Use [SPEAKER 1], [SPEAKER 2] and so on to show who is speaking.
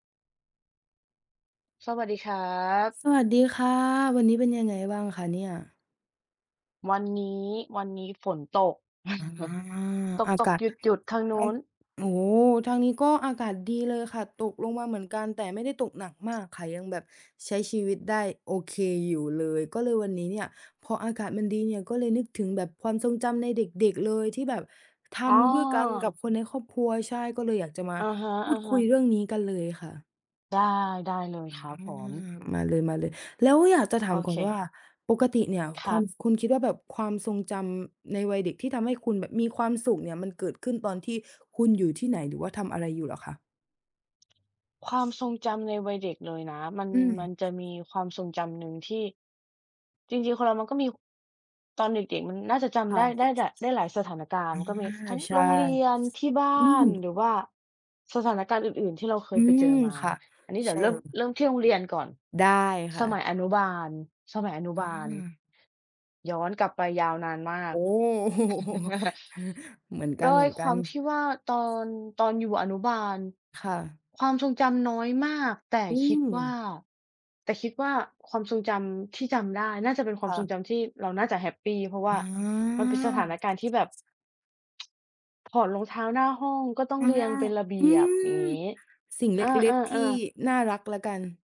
[SPEAKER 1] สวัสดีครับ
[SPEAKER 2] สวัสดีค่ะ วันนี้เป็นยังไงบ้างคะเนี่ย?
[SPEAKER 1] วันนี้ วันนี้ฝนตก
[SPEAKER 2] อา อา
[SPEAKER 1] ต
[SPEAKER 2] ก
[SPEAKER 1] ก
[SPEAKER 2] าศ
[SPEAKER 1] ๆ หยุด ๆ ทางน
[SPEAKER 2] ไอ
[SPEAKER 1] ู
[SPEAKER 2] ้
[SPEAKER 1] ้น
[SPEAKER 2] โอ้ ทางนี้ก็อากาศดีเลยค่ะ ตกลงมาเหมือนกัน แต่ไม่ได้ตกหนักมากค่ะ ยังแบบใช้ชีวิตได้โอเคอยู่เลย ก็เลยวันนี้เนี่ยพออากาศมันดีเนี่ย ก็เลยนึกถึงแบบความทรงจำในเด็ก ๆ เลย ที่แบบท
[SPEAKER 1] อ๋
[SPEAKER 2] ำด้วยกันกับ
[SPEAKER 1] อ
[SPEAKER 2] คนในครอบครัว ใช่ ก็เลยอยากจะมา
[SPEAKER 1] อาฮ
[SPEAKER 2] พูดคุ
[SPEAKER 1] ะ
[SPEAKER 2] ย
[SPEAKER 1] ๆ
[SPEAKER 2] เรื่องนี้กันเลยค่ะ?
[SPEAKER 1] ได้ ได้เลย
[SPEAKER 2] อา
[SPEAKER 1] ครับผม
[SPEAKER 2] มาเลย ๆ แล้วอยากจะถา
[SPEAKER 1] โ
[SPEAKER 2] ม
[SPEAKER 1] อ
[SPEAKER 2] ก่
[SPEAKER 1] เ
[SPEAKER 2] อนว่า
[SPEAKER 1] ค
[SPEAKER 2] ปกติเนี่ย
[SPEAKER 1] ค
[SPEAKER 2] ค
[SPEAKER 1] ร
[SPEAKER 2] วา
[SPEAKER 1] ั
[SPEAKER 2] ม
[SPEAKER 1] บ
[SPEAKER 2] คุณคิดว่าแบบความทรงจำในวัยเด็กที่ทำให้คุณแบบมีความสุขเนี่ย มันเกิดขึ้นตอนที่คุณอยู่ที่ไหน หรือว่าทำอะไรอยู่เหรอคะ?
[SPEAKER 1] ความทรงจำในวัยเด็กเลยนะ มัน
[SPEAKER 2] อื
[SPEAKER 1] มัน
[SPEAKER 2] ม
[SPEAKER 1] จะมีความทรงจำหนึ่งที่ จริง ๆ คนเรามันก็มี ตอนเด็ก ๆ มันน่าจะจ
[SPEAKER 2] ค
[SPEAKER 1] ำ
[SPEAKER 2] ่
[SPEAKER 1] ได
[SPEAKER 2] ะ
[SPEAKER 1] ้ ได้ ได้หลายสถานกา
[SPEAKER 2] อ
[SPEAKER 1] รณ
[SPEAKER 2] า
[SPEAKER 1] ์ ก็มีทั้ง
[SPEAKER 2] ใช
[SPEAKER 1] โ
[SPEAKER 2] ่
[SPEAKER 1] รงเรียน ที่บ้
[SPEAKER 2] อื
[SPEAKER 1] า
[SPEAKER 2] ม
[SPEAKER 1] น หรือว่าสถานการณ์อื่น ๆ ที่เราเค
[SPEAKER 2] อื
[SPEAKER 1] ยไปเจ
[SPEAKER 2] ม
[SPEAKER 1] อมา
[SPEAKER 2] ค่ะ
[SPEAKER 1] อันนี้เด
[SPEAKER 2] ใ
[SPEAKER 1] ี
[SPEAKER 2] ช
[SPEAKER 1] ๋ยว
[SPEAKER 2] ่
[SPEAKER 1] เริ
[SPEAKER 2] เ
[SPEAKER 1] ่
[SPEAKER 2] ล
[SPEAKER 1] ม
[SPEAKER 2] ย
[SPEAKER 1] เริ่มที่โรงเรียนก่อน
[SPEAKER 2] ได้ค
[SPEAKER 1] ส
[SPEAKER 2] ่
[SPEAKER 1] มั
[SPEAKER 2] ะ
[SPEAKER 1] ยอนุบาล สมัยอนุบาล
[SPEAKER 2] อา
[SPEAKER 1] ย้อนกลับไปยาวนานมา
[SPEAKER 2] โอ
[SPEAKER 1] ก
[SPEAKER 2] ้ เหมือนก
[SPEAKER 1] ด้วยค
[SPEAKER 2] ั
[SPEAKER 1] วา
[SPEAKER 2] น
[SPEAKER 1] มท
[SPEAKER 2] ๆ
[SPEAKER 1] ี่ว่าตอน ตอนอยู่อนุบาล
[SPEAKER 2] ค่ะ
[SPEAKER 1] ความทรงจำน้อยมาก แต่
[SPEAKER 2] อื
[SPEAKER 1] คิดว่า
[SPEAKER 2] ม
[SPEAKER 1] แต่คิดว่า ความทรงจำที่จำได้น่าจะเป็นคว
[SPEAKER 2] ค
[SPEAKER 1] าม
[SPEAKER 2] ่
[SPEAKER 1] ทรง
[SPEAKER 2] ะ
[SPEAKER 1] จำที่เราน่าจะแฮปปี เพราะว
[SPEAKER 2] อ
[SPEAKER 1] ่ามันเป็นสถา
[SPEAKER 2] า
[SPEAKER 1] นการณ์ที่แบบ ถอดรองเท้าหน้าห้อง ก็ต้อ
[SPEAKER 2] อ
[SPEAKER 1] ง
[SPEAKER 2] า
[SPEAKER 1] เรียงเป็นระเบ
[SPEAKER 2] อื
[SPEAKER 1] ียบ
[SPEAKER 2] ม
[SPEAKER 1] อย่างงี้
[SPEAKER 2] สิ่งเล
[SPEAKER 1] อ
[SPEAKER 2] ็ก ๆ ที่
[SPEAKER 1] า ๆ ๆ
[SPEAKER 2] น่ารักแล้วกัน